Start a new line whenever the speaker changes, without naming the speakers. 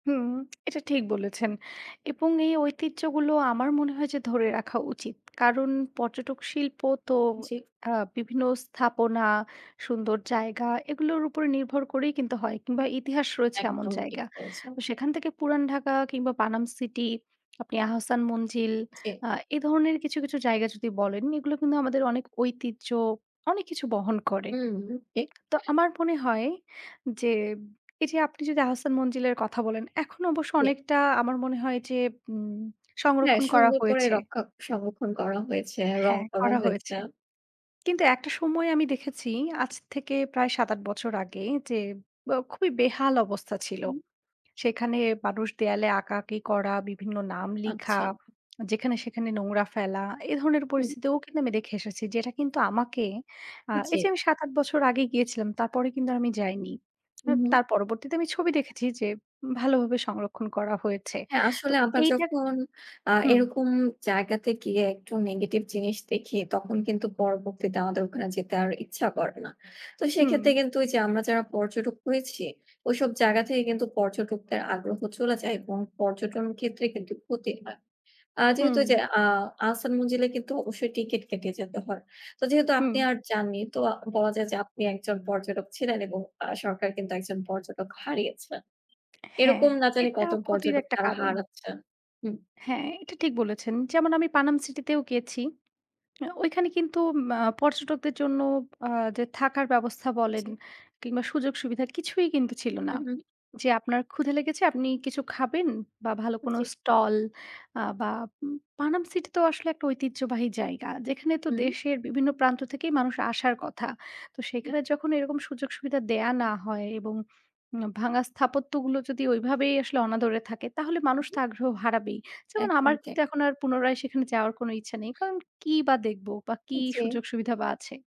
হুম, এটা ঠিক বলেছেন এবং এই ঐতিহ্যগুলো আমার মনে হয় যে, ধরে রাখা উচিত। কারণ পর্যটক শিল্প তো
জি।
অ্যা বিভিন্ন স্থাপনা, সুন্দর জায়গা এগুলোর উপরে নির্ভর করেই কিন্তু হয় কিংবা ইতিহাস রয়েছে এমন
একদম ঠিক
জায়গা।
বলেছেন।
সেখান থেকে পুরান ঢাকা কিংবা পানাম সিটি, আপনি আহসান মঞ্জিল
জি।
আ এ ধরনের কিছু, কিছু জায়গা যদি বলেন, এগুলো কিন্তু আমাদের অনেক ঐতিহ্য, অনেক কিছু বহন করে।
হুম, ঠিক।
তো আমার মনে হয় যে, এই যে আপনি যদি আহসান মঞ্জিলের কথা বলেন, এখন অবশ্য
জি।
অনেকটা আমার মনে হয় যে, উম
হ্যাঁ,
সংরক্ষণ করা
সুন্দর করে
হয়েছে।
রক্ষা সংরক্ষণ করা হয়েছে, রং
হ্যাঁ
করা
করা
হয়েছে।
হয়েছে। কিন্তু একটা সময় আমি দেখেছি আজ থেকে প্রায় ৭ ৮ বছর আগে যে, আ খুবই বেহাল অবস্থা ছিল।
হুম।
সেখানে মানুষ দেয়ালে আঁকাআঁকি করা, বিভিন্ন নাম লিখা,
আচ্ছা।
যেখানে সেখানে নোংরা ফেলা, এ ধরনের
হুম।
পরিস্থিতিতেও কিন্তু আমি দেখে এসেছি যেটা কিন্তু আমাকে, আ এই যে
জি।
আমি ৭ ৮ বছর আগে গিয়েছিলাম, তারপরে কিন্তু আমি যাইনি।
হুম।
তার পরবর্তীতে আমি ছবি দেখেছি যে ভালোভাবে সংরক্ষণ করা হয়েছে।
হ্যাঁ,
তো
আসলে আমরা
এইটা
যখন, আ
হুম।
এরকম জায়গাতে গিয়ে একটু negative জিনিস দেখি তখন কিন্তু পরবর্তীতে আমাদের ওখানে যেতে আর ইচ্ছা করে না। তো
হুম।
সেক্ষেত্রে কিন্তু ঐ যে আমরা যারা পর্যটক হয়েছি, ওইসব জায়গা থেকে কিন্তু পর্যটকদের আগ্রহ চলে যায় এবং পর্যটন ক্ষেত্রে কিন্তু ক্ষতি হয়। আ যেহেতু
হুম।
যে, আ আহসান মঞ্জিলে কিন্তু অবশ্যই ticket কেটে যেতে হয়, তো যেহেতু আপনি
হুম।
আর যাননি তো বলা যায় যে, আপনি একজন পর্যটক ছিলেন এবং আ সরকার কিন্তু একজন পর্যটক হারিয়েছেন।
হ্যাঁ,
এরকম না জানি
এটা
কত
ক্ষতির
পর্যটক
একটা
তারা
কারণ।
হারাচ্ছেন। হুম।
হ্যাঁ, এটা ঠিক বলেছেন। যেমন আমি পানাম সিটিতেও গিয়েছি। অ্যা ওইখানে কিন্তু ম্যা পর্যটকদের জন্য আ যে থাকার ব্যবস্থা বলেন
জি।
কিংবা সুযোগ সুবিধা কিছুই কিন্তু ছিল না।
হুম, হুম।
যে আপনার ক্ষুধা লেগেছে, আপনি কিছু খাবেন বা ভালো কোন
জি।
স্টল অ্যা বা পানাম সিটি তো আসলে একটা ঐতিহ্যবাহী জায়গা, যেখানে তো
হুম।
দেশের বিভিন্ন প্রান্ত থেকে মানুষ আসার কথা। তো সেখানে যখন এরকম সুযোগ সুবিধা দেয়া না হয় এবং উম ভাঙ্গা স্থাপত্যগুলো যদি ওইভাবেই আসলে অনাদরে থাকে তাহলে মানুষ
হুম,
তো
হুম।
আগ্রহ হারাবেই। যেমন
একদম
আমার
ঠিক।
কিন্তু এখন আর পুনরায় সেখানে যাওয়ার কোন ইচ্ছা নেই। কারণ কি বা দেখবো বা কি
জি।
সুযোগ সুবিধা বা আছে?